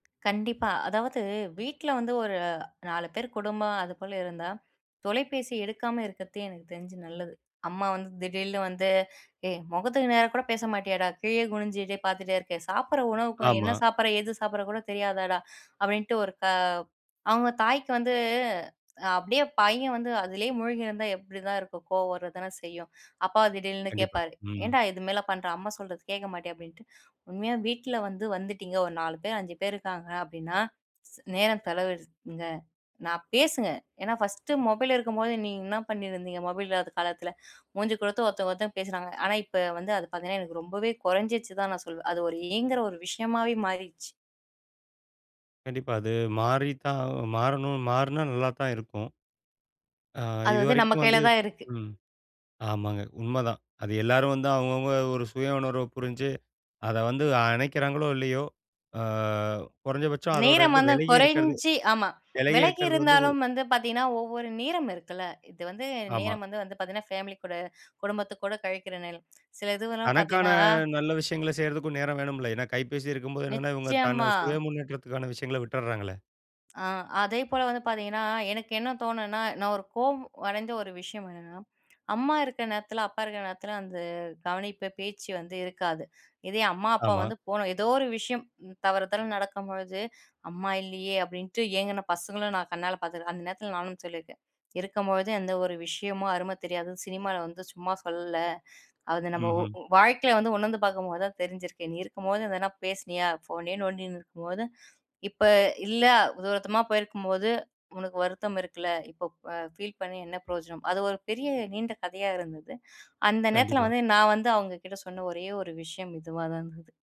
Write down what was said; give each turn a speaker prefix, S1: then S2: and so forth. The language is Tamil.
S1: கண்டிப்பா. அதாவது வீட்ல வந்து ஒரு 4 பேர் குடும்பம், அது போல இருந்தா தொலைபேசி எடுக்காம இருக்கிறது எனக்கு தெரிஞ்சு நல்லது. அம்மா வந்து திடீர்னு வந்து, "ஏய்! முகத்துக்கு நேரா கூட பேச மாட்டியேடா? கீழே குனிஞ்சுட்டே பார்த்துட்டே இருக்கே! சாப்பிடுற உணவுக்கும், என்ன
S2: ஆமா.
S1: சாப்பிடுற? எது சாப்பிட்ற கூட தெரியாதாடா?" அப்பிடின்ட்டு ஒரு க அவுங்க தாய்க்கு வந்து அப்பிடியே பையன் வந்து அதிலேயே மூழ்கியிருந்தா எப்பிடிதான் இருக்கும்? கோவம் வர தானே செய்யும். அப்பா திடீர்னு
S2: கண்டிப்பா.
S1: கேட்பாரு,
S2: ம்.
S1: "ஏன்டா! இதுமேல பண்ற? அம்மா சொல்றது கேட்க மாட்டியா?" அப்பிடின்ட்டு உண்மையா வீட்ல வந்து வந்துட்டீங்க ஒரு 4 பேர், 5 பேர் இருக்காங்க அப்பிடின்னா, ஸ் நேரம் செலவிடுங்க. நான் பேசுங்க, ஏனா, ஃபர்ஸ்ட்டு மொபைல் இருக்கும்போது நீங்க என்ன பண்ணியிருந்தீங்க? மொபைல் இல்லாத காலத்துல. மூஞ்சி குடுத்து ஒருத்த, ஒருத்த பேசுனாங்க. ஆனா, இப்ப வந்து அது பார்த்தீங்கன்னா, எனக்கு ரொம்பவே குறஞ்சிச்சு தான் நான் சொல்வேன். அது ஒரு ஏங்குற ஒரு விஷயமாவே மாறிருச்சு.
S2: கண்டிப்பா. அது மாரிதான் ஆ மாறணும், மாறுனா நல்லா தான் இருக்கும். ஆ,
S1: அது வந்து நம்ம
S2: இதுவரைக்கும்
S1: கையில
S2: வந்து
S1: தான் இருக்கு.
S2: ம். ஆமாங்க, உண்மதான். அது எல்லாரும் வந்து அவுங்க, அவுங்க ஒரு சுய உணர்வ புரிஞ்சு, அத வந்து அணைக்கிறாங்களோ! இல்லையோ! ஆ குறைந்தபட்சம் அதோட
S1: நேரம்
S2: இருந்து
S1: வந்து
S2: விலகி இருக்கிறது,
S1: குறஞ்சி ஆமா,
S2: விலகி
S1: விலகி
S2: இருக்கிறது வந்து
S1: இருந்தாலும் வந்து பார்த்தீங்கன்னா, ஒவ்வொரு நேரம் இருக்குல்ல. இது வந்து
S2: ஆமா.
S1: நேரம் வந்து வந்து பார்த்தீங்கன்னா, ஃபேமிலி கூட குடும்பத்துக்கு கூட கழிக்கிற நேரம். சில இதுவெல்லாம்
S2: தனக்கான
S1: பார்த்தீங்கன்னா
S2: நல்ல விஷயங்கள செய்யிறதுக்கும் நேரம் வேணும்ல. ஏனா, கைப்பேசி இருக்கும்போது என்னனா, இவங்க தன்ன
S1: நிச்சயமா.
S2: சுய முன்னேற்றத்துக்கான விஷயங்கள விட்டர்றாங்களே!
S1: ஆ, அதேபோல வந்து பார்த்தீங்கன்னா, எனக்கு என்ன தோணுனா, நான் ஒரு கோவம் அடைந்த ஒரு விஷயம் என்னன்னா, அம்மா இருக்க நேரத்துல, அப்பா இருக்க நேரத்துல அந்த கவனிப்பு பேச்சு வந்து இருக்காது. இதே அம்மா, அப்பா
S2: ஆமா.
S1: வந்து போணும் எதோ ஒரு விஷயம் தவறுதால நடக்கும் பொழுது, அம்மா இல்லயே! அப்பிடின்ட்டு ஏங்குன பசங்களும் நான் கண்ணால பார்த்துக்குறேன். அந்த நேரத்துல நானும் சொல்லியிருக்கேன், இருக்கும்பொழுது எந்த ஒரு விஷயமும் அரும தெரியாது. சினிமால வந்து சும்மா சொல்லல. அது நம்ம ஒ
S2: ம்ஹ்ம்.
S1: வாழ்க்கையில வந்து உணர்ந்து பார்க்கும்போது தான் தெரிஞ்சிருக்கு. நீ இருக்கும்போது எதனா பேசுனியா? ஃபோனையே நோண்டின்னு இருக்கும் போது, இப்ப இல்ல, தூரத்தமா போயிருக்கும் போது, உனக்கு வருத்தம் இருக்குல. இப்ப அ பீல் பண்ணி என்ன பிரயோஜனம்? அது ஒரு பெரிய நீண்ட கதையா இருந்தது. அந்த நேரத்துல
S2: கண்டிப்பா.
S1: வந்து நான் வந்து அவுங்ககிட்ட சொன்ன ஒரே ஒரு விஷயம் இதுவா தான் இருந்தது.